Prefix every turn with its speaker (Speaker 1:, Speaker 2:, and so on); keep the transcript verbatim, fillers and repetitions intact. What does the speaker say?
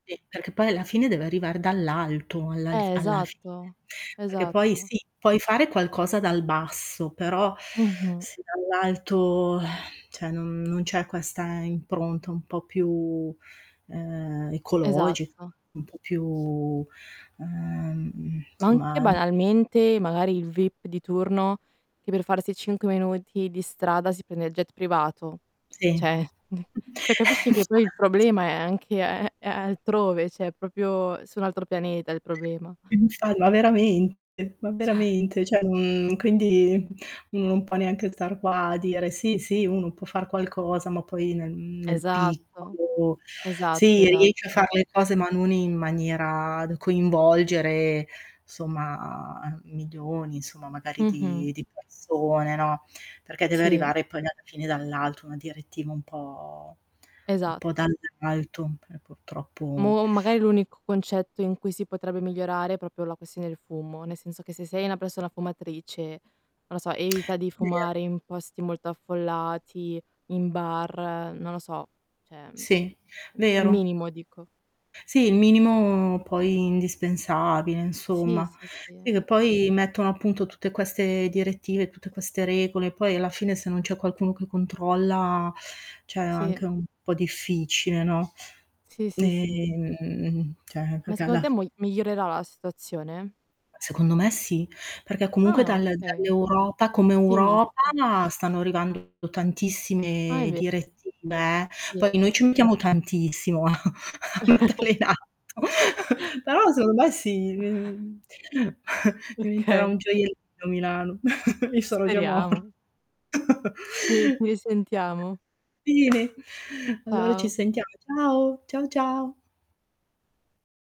Speaker 1: Sì. Perché poi alla fine deve arrivare dall'alto, alla alf
Speaker 2: Eh,
Speaker 1: alla fine.
Speaker 2: esatto,
Speaker 1: Perché poi
Speaker 2: esatto.
Speaker 1: sì, puoi fare qualcosa dal basso, però
Speaker 2: Mh-mh.
Speaker 1: se dall'alto cioè non non c'è questa impronta un po' più, ehm, ecologica,
Speaker 2: Esatto.
Speaker 1: un po' più, ehm,
Speaker 2: Ma anche,
Speaker 1: insomma.
Speaker 2: banalmente, magari il VIP di turno, che per farsi cinque minuti di strada si prende il jet privato.
Speaker 1: Sì. Eh,
Speaker 2: Cioè ceh capisci che poi il
Speaker 1: infatti.
Speaker 2: problema è anche altrove, ceh propio su un altro pianeta il problema.
Speaker 1: Infa ma veramente, ma
Speaker 2: ceh
Speaker 1: veramente, ceh quindi non può neanche star qua a dire: "Sì, sì uno può far qualcosa" ma poi, mhmm, nel nel
Speaker 2: Esatto,
Speaker 1: piccolo,
Speaker 2: esatto,
Speaker 1: sì riesce a fare
Speaker 2: esatto.
Speaker 1: le cose ma non in maniera da coinvolgere somma milioni insomma, magari
Speaker 2: Mh-mh.
Speaker 1: di di persone, no, perché deve
Speaker 2: Sì.
Speaker 1: arrivare poi alla fine dall'alto una direttiva un po' un po'
Speaker 2: Esatto.
Speaker 1: dall'alto, p purtroppo.
Speaker 2: Boh, magari l'unico concetto in cui si potrebbe migliorare, è propio la questione del fumo, nel senso che se sei una persona fumatrice, non lo so, evita di
Speaker 1: Via.
Speaker 2: fumare in posti molto affollati, in bar, non lo so, ceh, mhmm,
Speaker 1: Sì,
Speaker 2: il
Speaker 1: vero.
Speaker 2: minimo dico.
Speaker 1: Sì, il minimo poi indispensabile
Speaker 2: Sì,
Speaker 1: insomma.
Speaker 2: sì, sì.
Speaker 1: Sì, che poi mettono appunto tutte queste direttive, tutte queste regole, poi alla fine se non c'è qualcuno che controlla ceh
Speaker 2: Sì.
Speaker 1: anche un po' difficile, no,
Speaker 2: Sì, sì, sì.
Speaker 1: ehm, ceh
Speaker 2: Ma
Speaker 1: perché
Speaker 2: secondo
Speaker 1: alla
Speaker 2: te,
Speaker 1: fi
Speaker 2: mogl migliorerà la situazione?
Speaker 1: Secondo me sì, perché comunque
Speaker 2: Ah,
Speaker 1: dal
Speaker 2: okay.
Speaker 1: dall'Europa come
Speaker 2: Ottimista.
Speaker 1: Europa stanno arrivando
Speaker 2: Ah, è
Speaker 1: tantissime
Speaker 2: ve
Speaker 1: direttive, eh, poi
Speaker 2: Sì.
Speaker 1: noi ci mettiamo tantissimo a metterle in atto. Però secondo me sì, diventerà un
Speaker 2: Okay.
Speaker 1: gioiellino Milano. Io sarò già mor
Speaker 2: Speriamo. Ci ci risentiamo.
Speaker 1: Bene. Allora ci
Speaker 2: Ciao.
Speaker 1: sentiamo. Ciao. Ciao, ciao.